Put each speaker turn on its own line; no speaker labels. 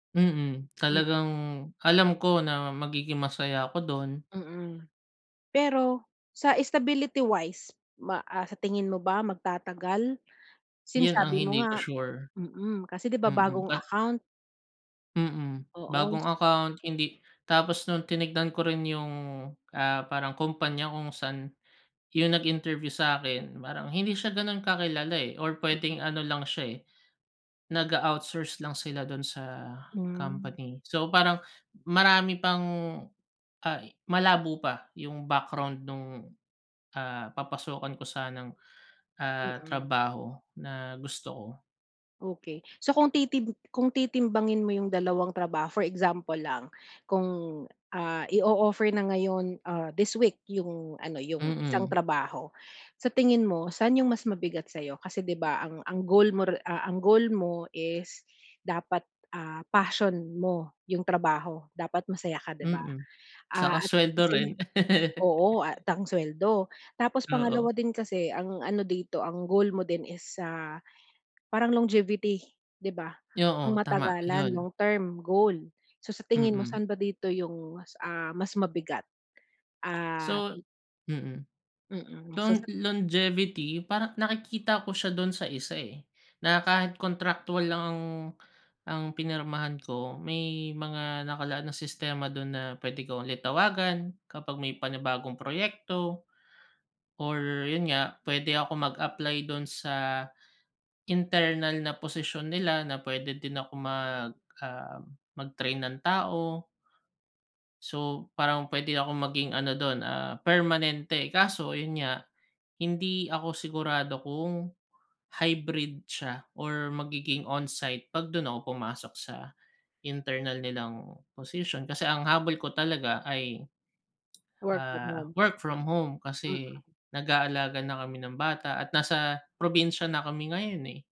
Mhm,
Mm.
talagang alam ko na magiging masaya ako do'n.
Mm. Pero, sa stability wise ma ah, sa tingin mo ba magtatagal? Since,
Yun, ang
sabi mo
hindi ko
nga,
sure.
mm kasi 'di ba
Mm.
bagong
Ka
account.
Mm,
Oo
bagong
s.
account. Hindi Tapos nung tinignan ko rin yung, ah, parang, kumpanya kung saan yung nag-interview sa'kin, parang, hindi siya ganun kakilala eh, or pwedeng
Mhm.
ano lang siya, eh, nag-a outsource lang sila dun sa
Hmm.
company. So parang, marami pang, ah malabo pa yung background nung, ah, papasukan ko sanang, ah,
Mm.
trabaho na gusto ko.
Okey, so kung titim kung titimbangin mo yung dalawang trabaho, for example lang kung ah, i-o-offer na ngayon, ah, this week yung ano, yung isang
Mm.
trabaho. Sa tingin mo, saan yung mas mabigat sa'yo kasi di ba ang ang goal mo re ang goal mo is dapat, ah, passion mo yung trabaho, dapat masaya ka, di ba?
Mm, saka
Ah, at
sweldo
same
rin.
oo at ang suweldo. Tapos
Oo.
pangalawa din kasi ang ano dito, ang goal mo din is, ah, parang longevity, di ba? Pang
Yo-o. Tama.
matagalan,
Yun.
long term goal. So, sa tingin mo,
Mm.
saan ba dito yung mas, ah, mas mabigat? Ah
So, mm.
Mm,
Lo
so sat
longevity parang nakikita ko siya do'n sa isa eh, na kahit contractual lang ang ang pinirmahan ko, may mga nakalaan na sistema do'n na pwede ko ulit tawagan kapag may panibagong proyekto, or yun nga pwede ako mag-apply do'n sa internal na posisyon nila na pwede din ako mag, ah, mag-train ng tao. So, parang pwede akong maging ano do'n, ah, permanente. Kaso yun nga, hindi ako sigurado kung, hybrid siya or magiging on-site, 'pag dun ako pumasok sa internal nilang posisyon, kasi ang habol ko talaga ay,
Work from
ah,
home.
work from home kasi
Mm.
nag-aalaga na kami ng bata at nasa probinsya na kami ngayon, eh.